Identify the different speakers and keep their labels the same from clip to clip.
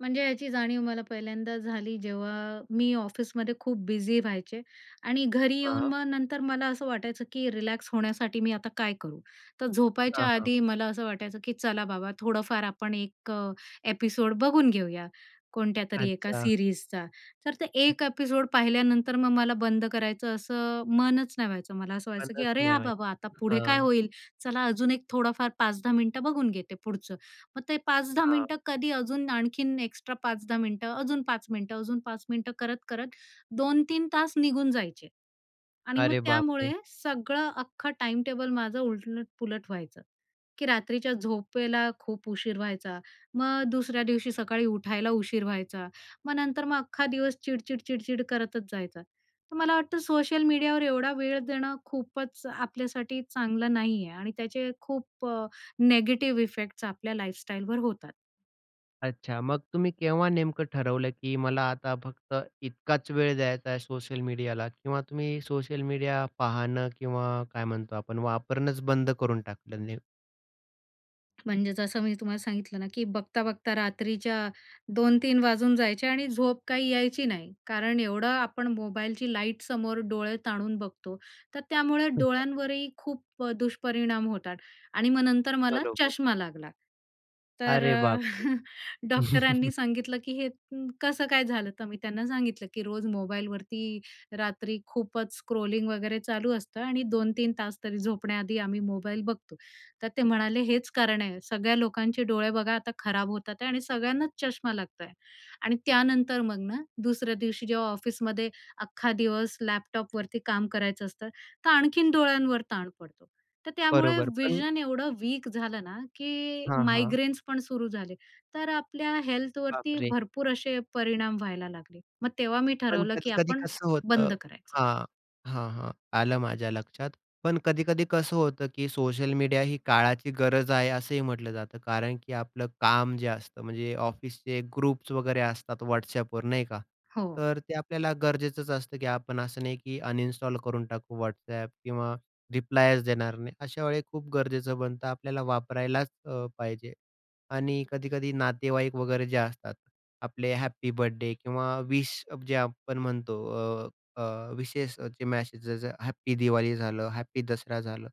Speaker 1: म्हणजे याची जाणीव मला पहिल्यांदा झाली जेव्हा मी ऑफिसमध्ये खूप बिझी व्हायचे आणि घरी येऊन
Speaker 2: हां.
Speaker 1: मग नंतर मला असं वाटायचं की रिलॅक्स होण्यासाठी मी आता काय करू, तर झोपायच्या
Speaker 2: हां, हां.
Speaker 1: आधी मला असं वाटायचं की चला बाबा थोडंफार आपण 1 अ, एपिसोड बघून घेऊया कोणत्यातरी एका
Speaker 2: अच्छा.
Speaker 1: सीरीज चा, तर ते 1 एपिसोड पाहिल्यानंतर मग मला बंद करायचं असं मनच नाही व्हायचं, मला असं व्हायचं की
Speaker 2: मलाच
Speaker 1: अरे,
Speaker 2: नाही
Speaker 1: हां
Speaker 2: माहीत.
Speaker 1: बाबा आता पुढे काय
Speaker 2: हां.
Speaker 1: होईल चला अजून एक थोडंफार 5 10 मिनिटं बघून घेते पुढचं, मग ते 5 10
Speaker 2: हां.
Speaker 1: मिनिटं कधी अजून आणखीन एक्स्ट्रा 5 10 मिनिटं, अजून 5 मिनिटं अजून 5 मिनिटं करत-करत 2-3 तास निघून जायचे आणि मग
Speaker 2: अरे बापरे!
Speaker 1: त्यामुळे सगळं अख्खं टाईमटेबल माझं उलट-पुलट व्हायचं, की रात्रीच्या झोपेला खूप उशीर व्हायचा .मग दुसऱ्या दिवशी सकाळी उठायला उशीर व्हायचा. मग नंतर मग अख्खा दिवस चिडचिड-चिडचिड करतच जायचा, तर मला वाटतं सोशल मीडियावर एवढा वेळ देणं खूपच आपल्यासाठी चांगलं नाही आहे, आणि त्याचे खूप अ, निगेटिव्ह इफेक्ट्स आपल्या लाईफस्टाईलवर होतात.
Speaker 2: अच्छा मग तुम्ही केव्हा नेमकं ठरवलं की मला आता फक्त इतकाच वेळ द्यायचा आहे सोशल मीडियाला किंवा तुम्ही सोशल मीडिया पाहणं किंवा काय म्हणतो आपण वापरणंच बंद करून टाकलं ने
Speaker 1: म्हणजे जसं मी तुम्हाला सांगितलं ना की बघता-बघता रात्रीच्या 2-3 वाजून जायचे आणि झोप काही यायची नाही कारण एवढं आपण मोबाईलची लाईटसमोर डोळे ताणून बघतो, तर त्यामुळे डोळ्यांवरही खूप अ, दुष्परिणाम होतात आणि मग नंतर मला
Speaker 2: बरोबर.
Speaker 1: चष्मा लागला. तर
Speaker 2: अरे
Speaker 1: अ,
Speaker 2: बापरे!
Speaker 1: डॉक्टरांनी सांगितलं की हे कसं काय झालं? तर मी त्यांना सांगितलं की रोज मोबाईलवरती रात्री खूपच स्क्रोलिंग वगैरे चालू असतं आणि 2-3 तास तरी झोपण्याआधी आम्ही मोबाईल बघतो, तर ते म्हणाले हेच कारण आहे सगळ्या लोकांचे डोळे बघा आता खराब होतात आहे, आणि सगळ्यांनाच चष्मा लागतय. आणि त्यानंतर मग ना दुसऱ्या दिवशी जेव्हा ऑफिसमध्ये अख्खा दिवस लॅपटॉपवरती काम करायचं असतं, तर आणखीन डोळ्यांवर ताण पडतो. तर त्यामुळे
Speaker 2: बरोबर पण
Speaker 1: व्हिजन एवढं वीक झालं ना, की
Speaker 2: हां, हां.
Speaker 1: मायग्रेन्स पण सुरू झाले. तर आपल्या हेल्थवरती
Speaker 2: बापरे!
Speaker 1: भरपूर असे परिणाम व्हायला लागले. मग तेव्हा मी
Speaker 2: पण
Speaker 1: ठरवलं की
Speaker 2: कधी-कधी
Speaker 1: आपण
Speaker 2: कसं होतं
Speaker 1: बंद करायचं.
Speaker 2: हां, हां, हां, आलं माझ्या लक्षात, पण कधीकधी कसं होतं की सोशल मीडिया ही काळाची गरज आहे असंही म्हटलं जातं कारण की आपलं काम जे असतं म्हणजे ऑफिसचे ग्रुप्स वगैरे असतात WhatsApp वर नाही का,
Speaker 1: हो.
Speaker 2: तर ते आपल्याला गरजेचंच असतं की आपण असं नाही की अनइन्स्टॉल करून टाकू WhatsApp किंवा रिप्लायच देणार नाही अशा वेळी खूप गरजेचं बनतं आपल्याला वापरायलाच अ, पाहिजे आणि कधी-कधी नातेवाईक वगैरे जे असतात आपले हॅपी बर्थडे किंवा विश जे आपण म्हणतो अ, अ, विशेष जे मेसेज हॅपी दिवाळी झालं, हॅपी दसरा झालं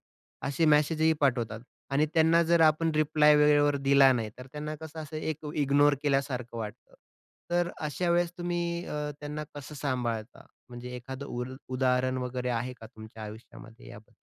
Speaker 2: असे मेसेज ही पाठवतात, आणि त्यांना जर आपण रिप्लाय वेळेवर दिला नाही, तर त्यांना कसं असं एक इग्नोर केल्यासारखं वाटतं. तर अशा वेळेस तुम्ही अ, त्यांना कसं सांभाळता म्हणजे एखादं उ उदाहरण वगैरे आहे का तुमच्या आयुष्यामध्ये याबद्दल?